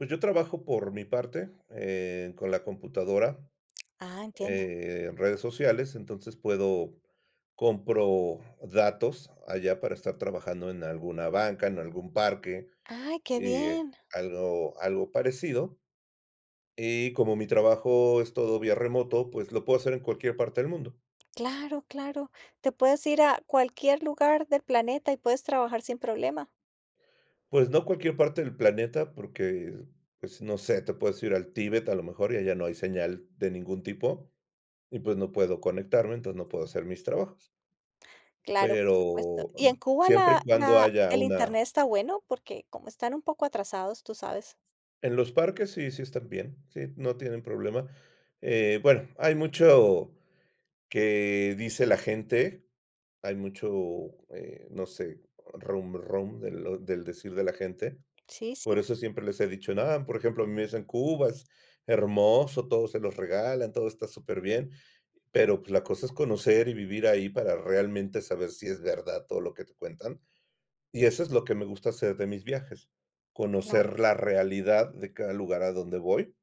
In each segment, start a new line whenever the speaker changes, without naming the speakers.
Pues yo trabajo por mi parte, eh, con la computadora,
Ah, entiendo.
eh, redes sociales, entonces puedo compro datos allá para estar trabajando en alguna banca, en algún parque,
Ay, qué
eh,
bien.
algo algo parecido. Eh, como mi trabajo es todo vía remoto, pues lo puedo hacer en cualquier parte del mundo.
Claro, claro. Te puedes ir a cualquier lugar del planeta y puedes trabajar sin problema.
Pues no cualquier parte del planeta, porque, pues no sé, te puedes ir al Tíbet a lo mejor y allá no hay señal de ningún tipo y pues no puedo conectarme, entonces no puedo hacer mis trabajos.
Claro, por supuesto.
Pero
¿Y en Cuba
siempre
la
y cuando
la
haya
el
una
Internet está bueno? Porque como están un poco atrasados, tú sabes.
En los parques sí, sí están bien, sí, no tienen problema, eh, bueno, hay mucho que dice la gente, hay mucho, eh, no sé, rum, rum del del decir de la gente.
Sí,
Por
sí.
eso siempre les he dicho: "No". Por ejemplo, a mí me dicen: "Cuba es hermoso, todo se los regalan, todo está superbién", pero la cosa es conocer y vivir ahí para realmente saber si es verdad todo lo que te cuentan. Y eso es lo que me gusta hacer de mis viajes,
Claro.
conocer la realidad de cada lugar a donde voy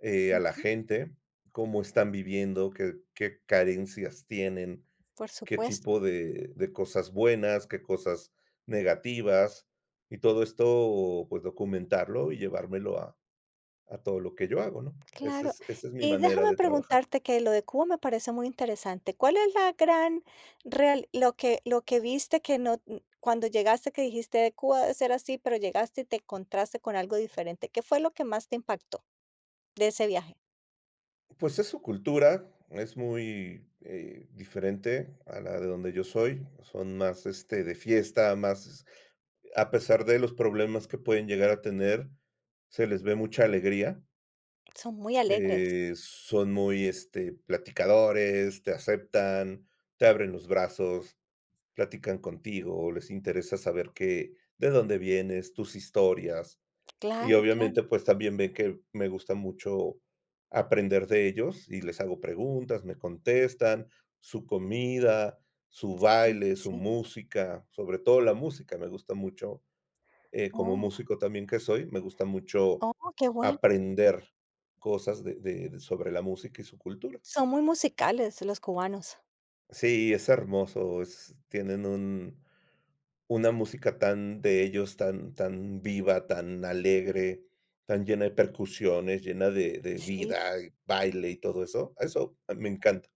eh, a la
Ujú.
gente, cómo están viviendo, qué qué carencias tienen,
Por
qué
supuesto.
tipo de de cosas buenas, qué cosas negativas y todo esto, pues documentarlo y llevármelo a a todo lo que yo hago, ¿no? Esa
Claro.
es esa es mi
Y
manera
déjame
de trabajar.
preguntarte, que lo de Cuba me parece muy interesante: ¿cuál es la gran real lo que lo que viste que no cuando llegaste que dijiste: "Cuba debe ser así", pero llegaste y te encontraste con algo diferente? ¿Qué fue lo que más te impactó de ese viaje?
Pues es su cultura, es muy, eh, diferente a la de donde yo soy. Son más, este, de fiesta, más, a pesar de los problemas que pueden llegar a tener, se les ve mucha alegría.
Son muy alegres.
Eh, son muy, este, platicadores, te aceptan, te abren los brazos, platican contigo, les interesa saber qué, de dónde vienes, tus historias. Y
Claro,
obviamente,
claro.
pues también ven que me gusta mucho aprender de ellos y les hago preguntas, me contestan. Su comida, su
Sí,
baile, su
sí.
música, sobre todo la música me gusta mucho. Eh, como
Oh.
músico también que soy, me gusta mucho
Oh, qué bueno.
aprender cosas de de, sobre la música y su cultura.
Son muy musicales los cubanos.
Sí, es hermoso, es tienen un una música tan de ellos, tan tan viva, tan alegre, tan llena de percusiones, llena de de
Sí.
vida y baile y todo eso. Eso me encanta